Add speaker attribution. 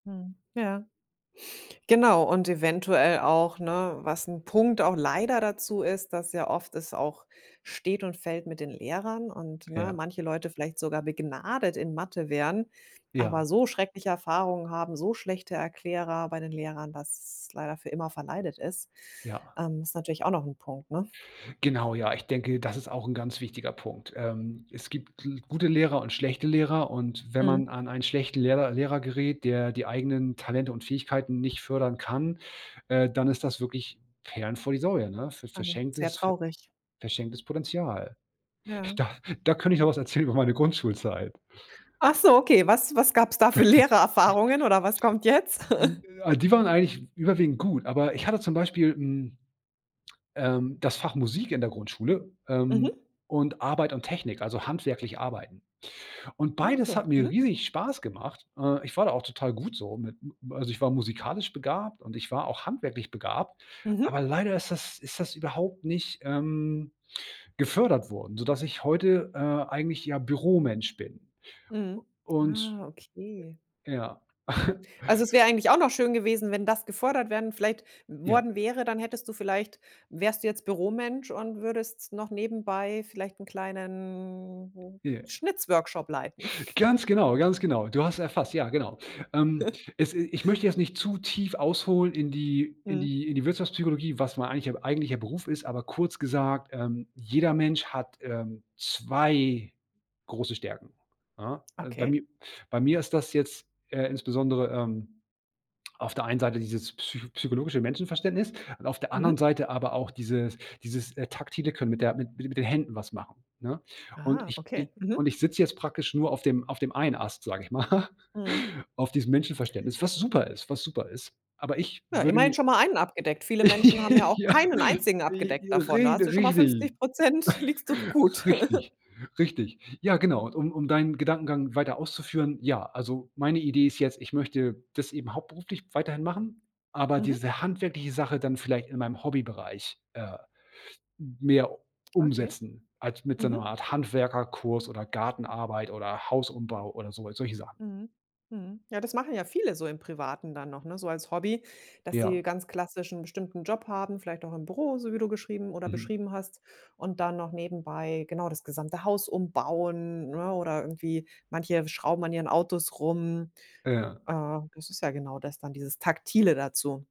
Speaker 1: Mhm. Ja. Genau und eventuell auch, ne, was 'n Punkt auch leider dazu ist, dass ja oft es auch steht und fällt mit den Lehrern und, ne,
Speaker 2: Ja.
Speaker 1: manche Leute vielleicht sogar begnadet in Mathe wären,
Speaker 2: Ja.
Speaker 1: aber so schreckliche Erfahrungen haben, so schlechte Erklärer bei den Lehrern, dass leider für immer verleidet ist.
Speaker 2: Ja.
Speaker 1: Ähm, ist natürlich auch noch Punkt, ne?
Speaker 2: Genau, ja. Ich denke, das ist auch 'n ganz wichtiger Punkt. Ähm, es gibt L gute Lehrer und schlechte Lehrer und wenn
Speaker 1: Mhm.
Speaker 2: man an einen schlechten Lehrer Lehrer gerät, der die eigenen Talente und Fähigkeiten nicht fördern kann, äh, dann ist das wirklich Perlen vor die Säule, ne, für
Speaker 1: Ähm, sehr
Speaker 2: verschenktes ver
Speaker 1: traurig.
Speaker 2: verschenktes Potenzial.
Speaker 1: Ja.
Speaker 2: Da da könnte ich noch was erzählen über meine Grundschulzeit.
Speaker 1: Ach so, okay, was was gab's da für Lehrererfahrungen oder was kommt jetzt?
Speaker 2: A die waren eigentlich w überwiegend gut, aber ich hatte zum Beispiel, hm, ähm, das Fach Musik in der Grundschule, ähm,
Speaker 1: Mhm.
Speaker 2: und Arbeit und Technik, also handwerklich arbeiten. Und
Speaker 1: Ah
Speaker 2: beides
Speaker 1: okay,
Speaker 2: hat mir
Speaker 1: mhm.
Speaker 2: riesig Spaß gemacht. Äh, ich war da auch total gut so mit m also ich war musikalisch begabt und ich war auch handwerklich begabt. Aber
Speaker 1: Mhm.
Speaker 2: leider ist das ist das überhaupt nicht, ähm, gefördert worden, sodass ich heute, äh, eigentlich, ja, Büromensch bin.
Speaker 1: Mhm.
Speaker 2: U und,
Speaker 1: Ah, okay.
Speaker 2: äh ja.
Speaker 1: Also es wäre eigentlich auch noch schön gewesen, wenn das gefordert werden vielleicht w
Speaker 2: Ja.
Speaker 1: worden wäre, dann hättest du vielleicht wärst du jetzt Büromensch und würdest noch nebenbei vielleicht 'n kleinen
Speaker 2: Ja.
Speaker 1: Schnitzworkshop leiten.
Speaker 2: Ganz genau, ganz genau. Du hast es erfasst, ja genau. Ähm, es i ich möchte jetzt nicht zu tief ausholen in die in
Speaker 1: Mhm.
Speaker 2: die in die Wirtschaftspsychologie, was mein eigentlich mein eigentlicher Beruf ist, aber kurz gesagt, ähm, jeder Mensch hat, ähm, 2 große Stärken, ja? Also, bei
Speaker 1: Okay.
Speaker 2: mir bei mir ist das jetzt, äh, insbesondere, ähm, auf der einen Seite dieses psycho psychologische Menschenverständnis und auf der anderen
Speaker 1: Mhm.
Speaker 2: Seite aber auch dieses dieses, äh, taktile Können mit der mit mit den Händen was machen, ne? Und
Speaker 1: Ah,
Speaker 2: ich
Speaker 1: okay.
Speaker 2: i und
Speaker 1: Mhm.
Speaker 2: ich sitze jetzt praktisch nur auf dem auf dem einen Ast, sage ich mal,
Speaker 1: Mhm.
Speaker 2: auf diesem Menschenverständnis, was super ist was super ist. Aber ich
Speaker 1: Na,
Speaker 2: würde
Speaker 1: immerhin
Speaker 2: mir
Speaker 1: schon mal einen abgedeckt. Viele Menschen haben ja auch
Speaker 2: Ja,
Speaker 1: keinen einzigen abgedeckt
Speaker 2: ri
Speaker 1: davon. Da
Speaker 2: rich
Speaker 1: hast du schon mal
Speaker 2: richtig.
Speaker 1: 50 %, liegst doch gut.
Speaker 2: Richtig. Richtig Ja, genau. Und um um deinen Gedankengang weiter auszuführen, ja, also meine Idee ist jetzt, ich möchte das eben hauptberuflich weiterhin machen, aber
Speaker 1: Mhm.
Speaker 2: diese handwerkliche Sache dann vielleicht in meinem Hobbybereich, äh, m mehr
Speaker 1: Okay,
Speaker 2: umsetzen, also mit so 'ner
Speaker 1: mhm.
Speaker 2: Art Handwerkerkurs oder Gartenarbeit oder Hausumbau oder so, halt solche Sachen.
Speaker 1: Mhm, mhm. Ja, das machen ja viele so im Privaten dann noch, ne, so als Hobby, dass sie
Speaker 2: Ja.
Speaker 1: ganz klassisch 'n bestimmten Job haben, vielleicht auch im Büro, so wie du geschrieben oder
Speaker 2: Mhm.
Speaker 1: beschrieben und dann noch nebenbei genau das gesamte Haus umbauen, ne, oder irgendwie manche schrauben an ihren Autos rum.
Speaker 2: Ja.
Speaker 1: Äh, das ist ja genau das dann, dieses Taktile dazu.